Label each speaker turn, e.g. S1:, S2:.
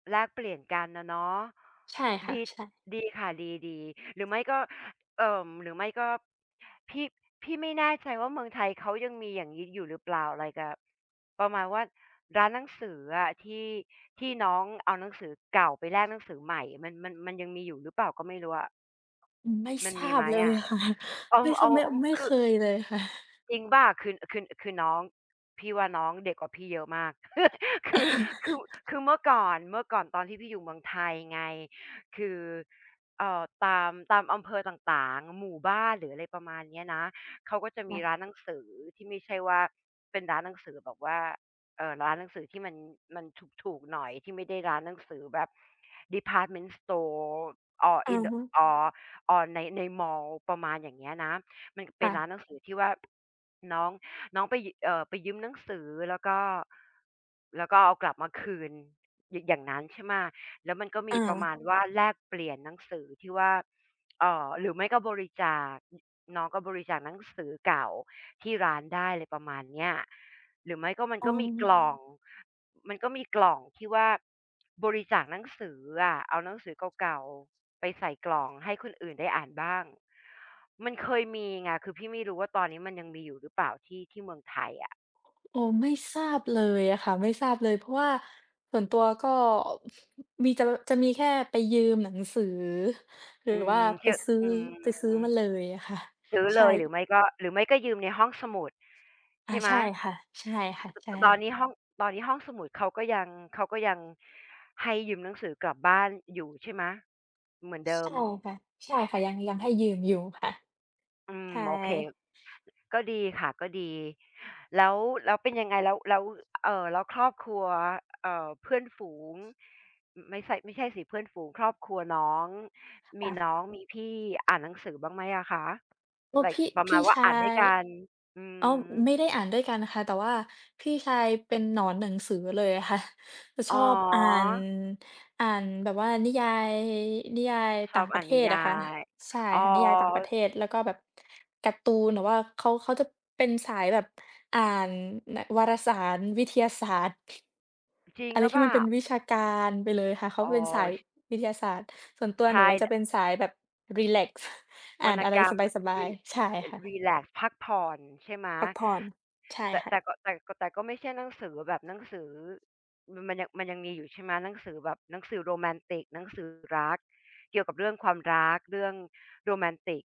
S1: แลกเปลี่ยนกันอะเนาะ
S2: ใช่ค่
S1: ด
S2: ะ
S1: ี
S2: ใช่
S1: ดีค่ะ ดี ๆ หรือไม่ก็ เอ่อ หรือไม่ก็ พี่ พี่ไม่แน่ใจว่า เมืองไทยเขายังมีอย่างนี้อยู่หรือเปล่า อะไรกับ ประมาณว่าร้านหนังสืออะ ที่ ที่น้องเอาหนังสือเก่าไปแลกหนังสือใหม่ มัน มัน มันยังมีอยู่หรือเปล่าก็ไม่รู้อะ
S2: อืม ไม่
S1: มั
S2: ท
S1: น
S2: ร
S1: ม
S2: า
S1: ีไ
S2: บ
S1: หม
S2: เล
S1: อ
S2: ย
S1: ะ?
S2: ค่ะ
S1: เอา
S2: ไม่ ข
S1: เอา
S2: ไม่
S1: เอา
S2: ไม่
S1: ค
S2: เค
S1: ือ
S2: ยเลยค่ะ
S1: จริงเปล่า คือ คือ คือน้อง พี่ว่าน้องเด็กกว่าพี่เยอะมาก คือ คือ คือเมื่อก่อน เมื่อก่อนตอนที่พี่อยู่เมืองไทยไง คือ เอ่อ ตาม ตามอำเภอต่าง ๆ หมู่บ้าน หรืออะไรประมาณเนี้ยนะ เขาก็จะ
S2: น
S1: ม
S2: ั
S1: ีร
S2: ด
S1: ้านหนังสือที่ไม่ใช่ว่า เป็นร้านหนังสือแบบว่า เอ่อ ร้านหนังสือที่มัน มันถูก ๆ หน่อยที่ไม่ได้ร้านหนังสือแบบ ดีพาร์ตเมนต์สตอร์ or
S2: อะ
S1: in the
S2: ฮะ
S1: or or ใน ในมอล ประมาณอย่างเงี้ยนะ มันเ
S2: ค
S1: ป็
S2: ่
S1: นร้
S2: ะ
S1: านหนังสือที่ว่า น้อง น้องไป ย เอ่อ ไปยืมหนังสือ แล้วก็ แล้วก็เอากลับมาคืน ย อย่างนั้น ใช่ไหม แล้วมันก็มี
S2: อ
S1: ประมา
S2: า
S1: ณ ว่าแลกเปลี่ยนหนังสือที่ว่า เอ่อ หรือไม่ก็บริจาค อ น้องก็บริจาคหนังสือเก่าที่ร้านได้ อะไรประมาณเนี้ย หรือไม่ก็มัน
S2: อ๋
S1: ก็มีกล
S2: อ
S1: ่อง มันก็มีกล่องที่ว่า บริจาคหนังสืออะ เอาหนังสือเก่า ๆ ไปใส่กล่องให้คนอื่นได้อ่านบ้าง มันเคยมีไง คือพี่ไม่รู้ว่าตอนนี้มันยังมีอยู่หรือเปล่า ที่ ที่เมืองไทยอะ
S2: โอ้ ไม่ทราบเลยอะค่ะ ไม่ทราบเลย เพราะว่าส่วนตัวก็ มีเจอ จะมีแค่ไปยืมหนังสือ หรื
S1: อ
S2: อ
S1: ื
S2: ว่
S1: ม
S2: าไป
S1: ย
S2: ซื้อ
S1: อือ
S2: ไปซื้อมาเลยอะค่ะ
S1: ซื้อ
S2: ใช
S1: เลย หรือ
S2: ่
S1: ไม่ก็ หรือไม่ก็ยืมในห้องสมุด ใ
S2: อ
S1: ช
S2: า
S1: ่ไหม
S2: ใช่ค่ะ ๆ ใช
S1: ตอ
S2: ่
S1: นนี้ห้อง ตอนนี้ห้องสมุดเขาก็ยัง เขาก็ยังให้ยืมหนังสือกลับบ้านอยู่ใช่ไหม? เหมือนเด
S2: ใ
S1: ิ
S2: ช
S1: ม
S2: ่ค่ะ ใช่ค่ะ ยัง ยังให้ยืมอยู่ค่ะ
S1: อืม
S2: ใช่
S1: โอเค ก็ดีค่ะ ก็ดี แล้ว แล้วเป็นยังไง แล้ว แล้ว เอ่อ แล้วครอบครัว เอ่อ เพื่อนฝูง อ ไม่ใช่ ไม่ใช่สิ เพื่อนฝูง ครอบครัวน้อง มี
S2: อา
S1: น้อง มีพี่อ่านหนังสือบ้างไหมอะคะ?
S2: โอ้
S1: ไล
S2: พ
S1: ก์
S2: ี่
S1: ประ
S2: พ
S1: ม
S2: ี
S1: า
S2: ่
S1: ณว่า
S2: ชา
S1: อ่านด้วย
S2: ย
S1: กัน อือ
S2: อ้าว ไม
S1: ฮ
S2: ่
S1: ึ
S2: ได้อ่านด้วยกันค่ะ แต่ว่าพี่ชายเป็นหนอนหนังสือเลยอะค่ะ จะ
S1: อ
S2: ช
S1: ๋
S2: อบอ่าน
S1: อ
S2: อ่านแบบว่านิยาย นิยาย
S1: ช
S2: ต่
S1: อ
S2: าง
S1: บ
S2: ป
S1: อ
S2: ร
S1: ่
S2: ะ
S1: า
S2: เ
S1: น
S2: ท
S1: นิ
S2: ศ
S1: ย
S2: อ
S1: า
S2: ะค่ะ
S1: ย
S2: ใช่
S1: อ๋อ
S2: ค่ะ นิยายต่างประเทศ แล้วก็แบบ การ์ตูน หรือว่าเขา เขาจะเป็นสายแบบอ่าน น วารสารวิทยาศาสตร์
S1: อ จริง
S2: อะไร
S1: หรือ
S2: ท
S1: เ
S2: ี
S1: ป
S2: ่
S1: ล
S2: มั
S1: ่
S2: น
S1: า?
S2: เป็นวิชาการไปเลยค่ะ เขา
S1: อ๋อ
S2: เป็นสาย
S1: ช
S2: วิทยาศาสตร์ ส่วนตัว
S1: ใช
S2: หน
S1: ่
S2: ู
S1: แ
S2: จ
S1: ห
S2: ะ
S1: ล
S2: เ
S1: ะ
S2: ป็นสายแบบรีแลกซ์ อ่
S1: วร
S2: าน
S1: รณ
S2: อะไร
S1: กรรม
S2: สบ
S1: ร
S2: าย
S1: ี
S2: ๆ ใช่
S1: เอ่
S2: ค
S1: อ
S2: ่
S1: ร
S2: ะ
S1: ีแลกซ์ พักผ่อน ใช่ไหม
S2: พักผ่อน ใช่
S1: แต่
S2: ค่
S1: แ
S2: ะ
S1: ต่ก็ แต่ ก แต่ก็ไม่ใช่หนังสือแบบหนังสือ อ มันยัง มันยังมีอยู่ใช่ไหม? หนังสือแบบ หนังสือโรแมนติก หนังสือรัก เกี่ยวกับเรื่องความรัก เรื่องโรแมนติก